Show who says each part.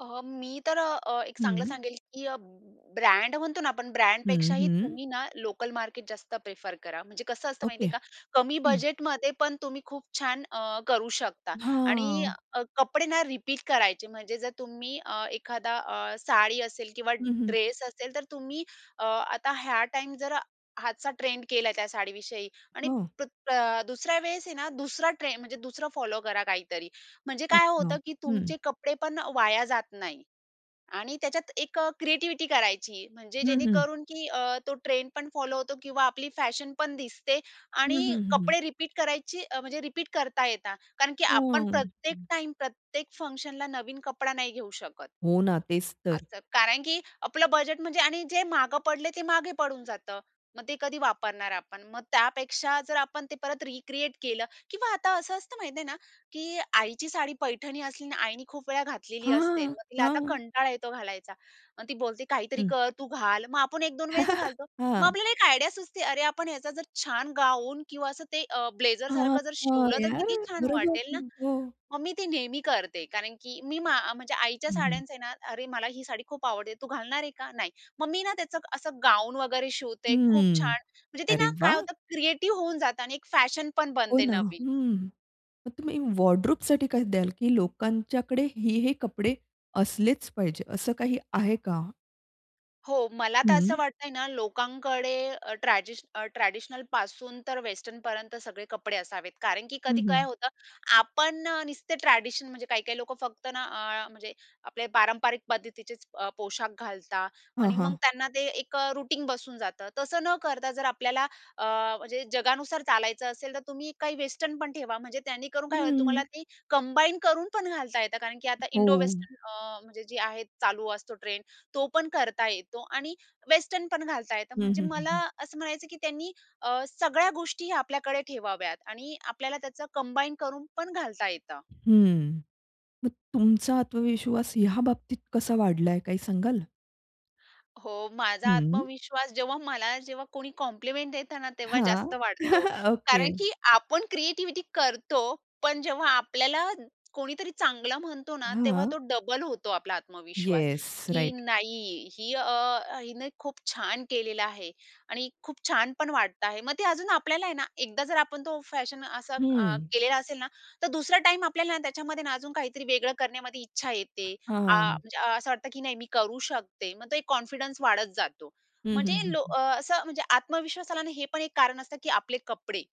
Speaker 1: अ, मी तर अ, एक
Speaker 2: हं,
Speaker 1: चांगलं
Speaker 2: हं.
Speaker 1: सांगेल, की अ, ब्रँड म्हणतो ना आपण,
Speaker 2: हं,
Speaker 1: ब्रँडपेक्षाही
Speaker 2: हं.
Speaker 1: तुम्ही ना, लोकल मार्केट जास्त प्रिफर करा. म्हणजे कसं असतं
Speaker 2: ओके,
Speaker 1: माहितीये का? कमी
Speaker 2: हं.
Speaker 1: बजेटमध्ये पण तुम्ही खूप छान अ, करू शकता आणि
Speaker 2: हां.
Speaker 1: अ, कपडे ना रिपीट करायचे, म्हणजे जर तुम्ही अ, एखादा अ, साडी असेल किंवा
Speaker 2: हं, हं.
Speaker 1: ड्रेस असेल, तर तुम्ही अ, आता ह्या टाईम जर ह्याचा ट्रेंड केलाय त्या साडीविषयी आणि
Speaker 2: हो.
Speaker 1: प्र अ, दुसऱ्या वेळेस आहे ना, दुसरा ट्रे म्हणजे दुसरं फॉलो करा काहीतरी. म्हणजे काय
Speaker 2: अच्छा,
Speaker 1: होतं, की
Speaker 2: हं.
Speaker 1: तुमचे कपडे पण वाया जात नाही आणि त्याच्यात एक अ, क्रिएटिव्हिटी करायची. म्हणजे
Speaker 2: हं, हं.
Speaker 1: जेणेकरून, की अ, तो ट्रेंड पण फॉलो होतो किंवा आपली फॅशन पण दिसते
Speaker 2: हं, हं,
Speaker 1: आणि अ,
Speaker 2: हं, हं, हं.
Speaker 1: कपडे रिपीट करायची, अ, म्हणजे रिपीट करता येतात कारण की आपण
Speaker 2: हं,
Speaker 1: प्रत्येक
Speaker 2: हं.
Speaker 1: टाईम, प्रत्येक फंक्शनला नवीन कपडा नाही घेऊ शकत.
Speaker 2: हो ना, तेच तर.
Speaker 1: असतं, कारण की आपलं बजेट, म्हणजे आणि जे मागे पडलंय ते मागे पडून जातं. मग ते कधी वापरणार आपण. मग त्यापेक्षा, जर आपण ते परत रिक्रिएट केलं किंवा आता असं असतं, माहिती आहे ना, की आईची साडी, पैठणी असली आणि आईनी खूप वेळा घातलेली असते,
Speaker 2: हां,
Speaker 1: मग तिला आता
Speaker 2: हां.
Speaker 1: कंटाळा येतो घालायचा. मग ती बोलते, "काहीतरी
Speaker 2: हं.
Speaker 1: कर, तू घाल." मग आपण 1-2 वेळेस घालतो. मग
Speaker 2: हां.
Speaker 1: आपल्याला एक आयडिया सुचते, अरे, आपण ह्याचा जर छान गाऊन किंवा असं ते अ,
Speaker 2: हां,
Speaker 1: ब्लेझरसारखं जर
Speaker 2: हां,
Speaker 1: शिवलं, तर
Speaker 2: यार,
Speaker 1: किती छान
Speaker 2: बरोबर
Speaker 1: वाटेल ना,
Speaker 2: हो.
Speaker 1: मग मी ती नेहमी करते. कारण की मी, मा म्हणजे आईच्या
Speaker 2: हं, हं.
Speaker 1: साड्यांचे ना अरे, मला ही साडी खूप आवडते, तू घालणार आहे का? नाही. मग मी ना त्याचं असं गाउन वगैरे शिवते खूप
Speaker 2: हम्म,
Speaker 1: छान. म्हणजे ती
Speaker 2: अरे
Speaker 1: ना, काय
Speaker 2: वाह!
Speaker 1: होतं, क्रिएटिव्ह होऊन जातं आणि एक फॅशन पण
Speaker 2: हो
Speaker 1: बनते
Speaker 2: ना,
Speaker 1: नवीन.
Speaker 2: हम्म, मग तुम्ही वॉर्डरोबसाठी काय द्याल, की लोकांच्याकडे हे-हे कपडे असलेच पाहिजे, असं काही आहे का?
Speaker 1: हो, मला तर असं
Speaker 2: हं.
Speaker 1: वाटतंय ना, लोकांकडे अ, ट्रॅजीश अ, ट्रेडिशनलपासून तर वेस्टर्नपर्यंत सगळे कपडे असावेत, कारण की
Speaker 2: हं,
Speaker 1: कधी काय
Speaker 2: हं.
Speaker 1: होतं, आपण अ, नुसते ट्रेडिशन म्हणजे काही-काही लोकं फक्त ना, अ, म्हणजे आपले पारंपरिक पद्धतीचेच अ, पोशाख घालता
Speaker 2: हां,
Speaker 1: आणि मग
Speaker 2: हां.
Speaker 1: त्यांना ते एक अ, रुटीन बसून जातं. तसं न करता, जर आपल्याला अ, म्हणजे जगानुसार चालायचं असेल, तर तुम्ही काही वेस्टर्न पण ठेवा. म्हणजे त्यांनी करून काय होईल, तुम्हाला
Speaker 2: हं.
Speaker 1: ती कंबाईन करून पण घालता येतं कारण की आता इंडो
Speaker 2: हो.
Speaker 1: वेस्टर्न अ, म्हणजे जी आहे चालू असतो ट्रेंड, तो पण करता येतो आणि वेस्टर्न पण घालता येतं.
Speaker 2: हं,
Speaker 1: म्हणजे
Speaker 2: हं, हं,
Speaker 1: मला
Speaker 2: हं.
Speaker 1: असं म्हणायचं, की त्यांनी अ, सगळ्या गोष्टी आपल्याकडे ठेवाव्यात आणि आपल्याला त्याचं कंबाईन करून पण घालता येतं.
Speaker 2: हम्म, मग तुमचा आत्मविश्वास ह्याबाबतीत कसा वाढलाय, काय सांगाल?
Speaker 1: हो, माझा
Speaker 2: हं.
Speaker 1: आत्मविश्वास, जेव्हा मला जेव्हा कोणी कॉम्प्लिमेंट देतं ना, तेव्हा
Speaker 2: हां,
Speaker 1: जास्त वाढतो कारण,
Speaker 2: ओके.
Speaker 1: की आपण क्रिएटिव्हिटी करतो, पण जेव्हा आपल्याला कोणीतरी चांगलं म्हणतो ना, तेव्हा तो
Speaker 2: हां.
Speaker 1: डबल होतो आपला आत्मविश्वास,
Speaker 2: येस
Speaker 1: की
Speaker 2: राइट.
Speaker 1: नाही ही अ, हिने खूप छान केलेला आहे आणि खूप छान पण वाटतं आहे. मग ते अजून आपल्याला आहे ना, एकदा जर आपण तो फॅशन असा अ,
Speaker 2: हम्म.
Speaker 1: केलेला असेल ना, तर दुसरा टाईम आपल्याला त्याच्यामध्ये ना, अजून काहीतरी वेगळं करण्यामध्ये इच्छा येते.
Speaker 2: हां,
Speaker 1: आ,
Speaker 2: हां.
Speaker 1: म्हणजे असं वाटतं, की नाही मी करू शकते. मग तो एक कॉन्फिडन्स वाढत जातो.
Speaker 2: हं,
Speaker 1: म्हणजे
Speaker 2: हं,
Speaker 1: लो
Speaker 2: हं.
Speaker 1: अ, असं म्हणजे आत्मविश्वास आला आणि हे पण एक कारण असतं, की आपले कपडे.